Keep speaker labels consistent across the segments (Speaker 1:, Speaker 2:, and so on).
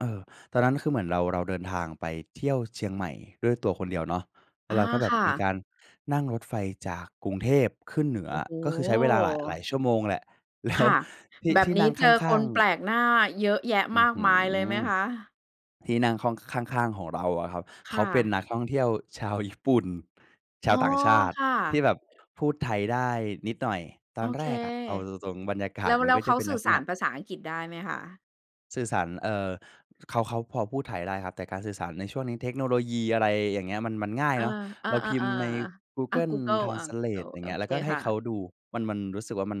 Speaker 1: เออ ตอนนั้น คือเหมือนเรา เราเดินทางไปเที่ยวเชียงใหม่ด้วยตัวคนเดียวเนาะ แล้
Speaker 2: อ
Speaker 1: ว
Speaker 2: า
Speaker 1: เราก็แบ
Speaker 2: ค
Speaker 1: บ
Speaker 2: ่
Speaker 1: มีก
Speaker 2: ะ
Speaker 1: ารนั่งรถไฟจากกรุงเทพขึ้นเหนือ
Speaker 2: โอ้โ
Speaker 1: ก็คือใช้เวลาหลาย หลา
Speaker 2: ฮ
Speaker 1: ยชั่วโมงแหละ แล้
Speaker 2: ค
Speaker 1: ว
Speaker 2: ่ะ
Speaker 1: ที่
Speaker 2: แบ
Speaker 1: ท
Speaker 2: บ
Speaker 1: ี่
Speaker 2: น
Speaker 1: น
Speaker 2: ี
Speaker 1: ั
Speaker 2: ้
Speaker 1: ่ง
Speaker 2: เ
Speaker 1: ข
Speaker 2: จอ
Speaker 1: ้
Speaker 2: ค
Speaker 1: า
Speaker 2: น
Speaker 1: ง
Speaker 2: แป
Speaker 1: ๆ
Speaker 2: ลกหน้าเยอะแยะ
Speaker 1: อื้
Speaker 2: ม
Speaker 1: อ
Speaker 2: าก
Speaker 1: ฮื
Speaker 2: มายเลยไหม
Speaker 1: อ
Speaker 2: คะ?
Speaker 1: ที่นั่งข้อง ข้าง ๆ ของเราอะครับ
Speaker 2: ค
Speaker 1: เข
Speaker 2: ่
Speaker 1: าเป็
Speaker 2: ะ
Speaker 1: นนักท่องเที่ยวชาวญี่ปุ่น ช
Speaker 2: อ๋
Speaker 1: า
Speaker 2: อ
Speaker 1: วต่างชาต
Speaker 2: ค
Speaker 1: ิ
Speaker 2: ่
Speaker 1: ที่
Speaker 2: ะ
Speaker 1: แบบพูดไทยได้นิดหน่อย ต
Speaker 2: โ
Speaker 1: อ
Speaker 2: อ
Speaker 1: นแ
Speaker 2: เ
Speaker 1: ร
Speaker 2: ค
Speaker 1: กอะเอาตรง ๆ บรรยาก
Speaker 2: แ
Speaker 1: า
Speaker 2: ล้
Speaker 1: ศ
Speaker 2: ว
Speaker 1: มั
Speaker 2: แ
Speaker 1: น
Speaker 2: ล้
Speaker 1: ก็
Speaker 2: วเ
Speaker 1: จ
Speaker 2: ข
Speaker 1: ะ
Speaker 2: า
Speaker 1: เป็น
Speaker 2: ส
Speaker 1: ล
Speaker 2: ื
Speaker 1: ั
Speaker 2: ่อ
Speaker 1: กษ
Speaker 2: ส
Speaker 1: ณ
Speaker 2: า
Speaker 1: ะ
Speaker 2: รภาษาอังกฤษได้ไหมคะ?
Speaker 1: สื่อสาร เอ่อ เขา เขาพอพูดไทยได้ครับ แต่การสื่อสารในช่วงนี้เทคโนโลยี อะไรอย่างเงี้ย มัน มันง่าย
Speaker 2: อา
Speaker 1: เนาะ
Speaker 2: อา
Speaker 1: เราพิมพ์ใน
Speaker 2: ๆ
Speaker 1: กู
Speaker 2: ๆ อ
Speaker 1: เก
Speaker 2: า
Speaker 1: ิล
Speaker 2: กูเกิล
Speaker 1: ทราน
Speaker 2: อา
Speaker 1: ส
Speaker 2: ก
Speaker 1: เ
Speaker 2: ู
Speaker 1: ล
Speaker 2: เกิ
Speaker 1: ต
Speaker 2: ล
Speaker 1: อย่า
Speaker 2: โ
Speaker 1: ง
Speaker 2: อ
Speaker 1: เงี้ย แ
Speaker 2: เ
Speaker 1: ล
Speaker 2: ค
Speaker 1: ้วก็ให
Speaker 2: ค
Speaker 1: ้
Speaker 2: ่
Speaker 1: เขา
Speaker 2: ะ
Speaker 1: ดู มัน มันรู้สึกว่า มัน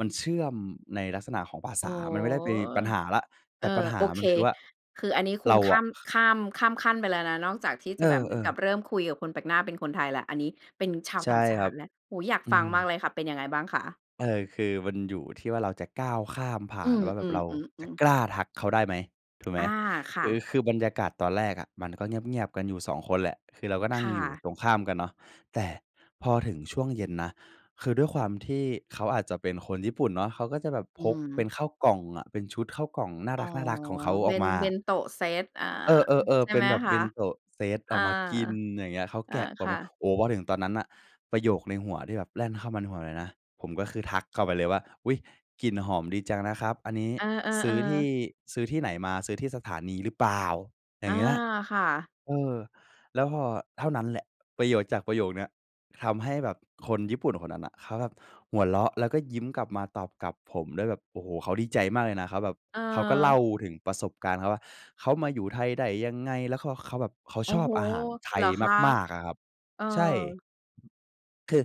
Speaker 1: มันเชื่อมในลักษณะของภา
Speaker 2: โ
Speaker 1: ษ
Speaker 2: อ้
Speaker 1: า
Speaker 2: โฮ
Speaker 1: มันไม่ได้เป็นปัญหาแล้ว
Speaker 2: เ
Speaker 1: แต
Speaker 2: ออ
Speaker 1: ่ปัญห
Speaker 2: โ
Speaker 1: า
Speaker 2: อเค
Speaker 1: มันคือว่า
Speaker 2: คืออันนี้คุ
Speaker 1: เร
Speaker 2: ณ
Speaker 1: า
Speaker 2: ข้
Speaker 1: อ
Speaker 2: า
Speaker 1: ะ
Speaker 2: ม ข้าม ข้ามขั้นไปแล้วนะ นอกจากที่
Speaker 1: เ
Speaker 2: จ
Speaker 1: อ
Speaker 2: ะแบบเหมือน
Speaker 1: อ
Speaker 2: กับ
Speaker 1: ๆ
Speaker 2: เริ่มคุยกับคนแปลกหน้าเป็นคนไทยแล้ว อันนี้เป็นชาว
Speaker 1: ใช่
Speaker 2: ต่างช
Speaker 1: ค
Speaker 2: า
Speaker 1: รั
Speaker 2: ติ
Speaker 1: บ
Speaker 2: แล้ว โอ้โฮ อยาก
Speaker 1: อื
Speaker 2: ฟัง
Speaker 1: ม
Speaker 2: มากเลยค่ะ เป็นยังไงบ้างคะ?
Speaker 1: เออ คือมันอยู่ที่ว่า เราจะก้าวข้ามผ่
Speaker 2: อ
Speaker 1: า
Speaker 2: ื
Speaker 1: น
Speaker 2: ม
Speaker 1: ว่าแบบเราจะ
Speaker 2: ๆ ๆ ๆ
Speaker 1: กล้าทักเขาได้ไหม ถูกไหม?
Speaker 2: อา ค
Speaker 1: ค
Speaker 2: ่
Speaker 1: ือ
Speaker 2: ะ
Speaker 1: คือบรรยากาศตอนแรกอะ มันก็เงียบ ๆ กันอยู่ 2 คนแหละ คือเราก็นั
Speaker 2: ค
Speaker 1: ่ง
Speaker 2: ่
Speaker 1: อยู่
Speaker 2: ะ
Speaker 1: ตรงข้ามกันเนาะ แต่พอถึงช่วงเย็นนะ คือด้วยความที่เขาอาจจะเป็นคนญี่ปุ่นเนาะ เขาก็จะแบบ
Speaker 2: อื
Speaker 1: พกเป
Speaker 2: ม
Speaker 1: ็นข้าวกล่องอะ เป็นชุดข้าวกล่องน่า
Speaker 2: อ๋อ
Speaker 1: รัก ๆ ของเขา
Speaker 2: เบ
Speaker 1: อ
Speaker 2: ็
Speaker 1: อก
Speaker 2: น
Speaker 1: มา
Speaker 2: เบ็นโตเซต อา
Speaker 1: เออ
Speaker 2: ใ
Speaker 1: ๆ
Speaker 2: ช
Speaker 1: ๆ
Speaker 2: ่
Speaker 1: เป็
Speaker 2: ไห
Speaker 1: น
Speaker 2: ม
Speaker 1: แบบ
Speaker 2: ค
Speaker 1: เบ
Speaker 2: ะ?
Speaker 1: ็นโตเซต
Speaker 2: อ
Speaker 1: อ
Speaker 2: า
Speaker 1: อกมากินอย่างเงี้ย เขา
Speaker 2: อ
Speaker 1: แก
Speaker 2: า
Speaker 1: ะออ
Speaker 2: ค
Speaker 1: ก
Speaker 2: ่
Speaker 1: มา
Speaker 2: ะ
Speaker 1: โอ้โฮ มาถึงตอนนั้นน่ะ ประโยคในหัวที่แบบแล่นเข้ามาในหัวเลยนะ ผมก็คือทักเข้าไปเลยว่า อุ๊ย กลิ่นหอมดีจังนะครับ อันนี้
Speaker 2: เออ
Speaker 1: ซื้อที
Speaker 2: ๆ ๆ
Speaker 1: ่ ซื้อที่ไหนมา ซื้อที่สถานีหรือเปล่า อย
Speaker 2: อ
Speaker 1: ่
Speaker 2: า
Speaker 1: างเงี้ย
Speaker 2: ค่ะ
Speaker 1: เออ แล้วพอเท่านั้นแหละ ประโยชน์จากประโยคเนี้ย ทำให้แบบคนญี่ปุ่นคนนั้นน่ะเขาแบบหัวเราะ แล้วก็ยิ้มกลับมาตอบกลับผมด้วยแบบ โอ้โฮ เขาดีใจมากเลยนะเขาแบบ เขาก็เล
Speaker 2: เออ
Speaker 1: ่าถึงประสบการณ์เขาว่า เขามาอยู่ไทยได้ยังไง แล้วเขา เขาแบบเขา
Speaker 2: โอ้
Speaker 1: ชอ
Speaker 2: โ
Speaker 1: บ
Speaker 2: ฮ
Speaker 1: อาหารไท
Speaker 2: เหร
Speaker 1: ย
Speaker 2: อคะ?
Speaker 1: มาก ๆ อะครับ
Speaker 2: เออ
Speaker 1: ใช่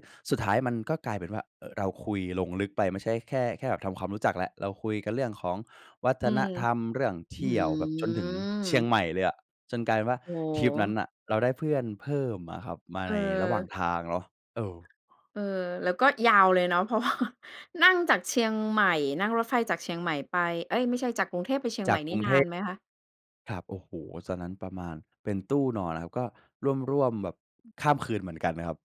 Speaker 1: คือสุดท้ายมันก็กลายเป็นว่า เอ่อ เราคุยลงลึกไป ไม่ใช่แค่ แค่แบบทำความรู้จักแล้ว เราคุยกันเรื่องของวัฒ
Speaker 2: อื
Speaker 1: น
Speaker 2: ม
Speaker 1: ธรรม เรื่องเท
Speaker 2: อื
Speaker 1: ี่ยวแบบจนถึงเชียง
Speaker 2: ม
Speaker 1: ใหม่เลยอะ จนกลายเป็นว่า
Speaker 2: โอ้
Speaker 1: ทริปนั้น
Speaker 2: โฮ
Speaker 1: น่ะ เราได้เพื่อนเพิ่มอะครับมา
Speaker 2: เ
Speaker 1: ในระหว่าง
Speaker 2: ออ
Speaker 1: ทางเนาะ เออ
Speaker 2: เออ แล้วก็ยาวเลยเนาะ เพราะว่า นั่งจากเชียงใหม่ นั่งรถไฟจากเชียงใหม่ไป เอ๊ย ไม่ใช่จากกรุงเทพไปเชียง
Speaker 1: จ
Speaker 2: ให
Speaker 1: า
Speaker 2: ม
Speaker 1: ก
Speaker 2: ่น
Speaker 1: ก
Speaker 2: ี
Speaker 1: ร
Speaker 2: ่
Speaker 1: ุง
Speaker 2: น
Speaker 1: เท
Speaker 2: าน
Speaker 1: พ
Speaker 2: ไหมคะ?
Speaker 1: ครับ โอ้โฮ ตอนนั้นประมาณ เป็นตู้นอนนะครับ ก็ร่วม ๆ แบบข้ามคืนเหมือนกันครับ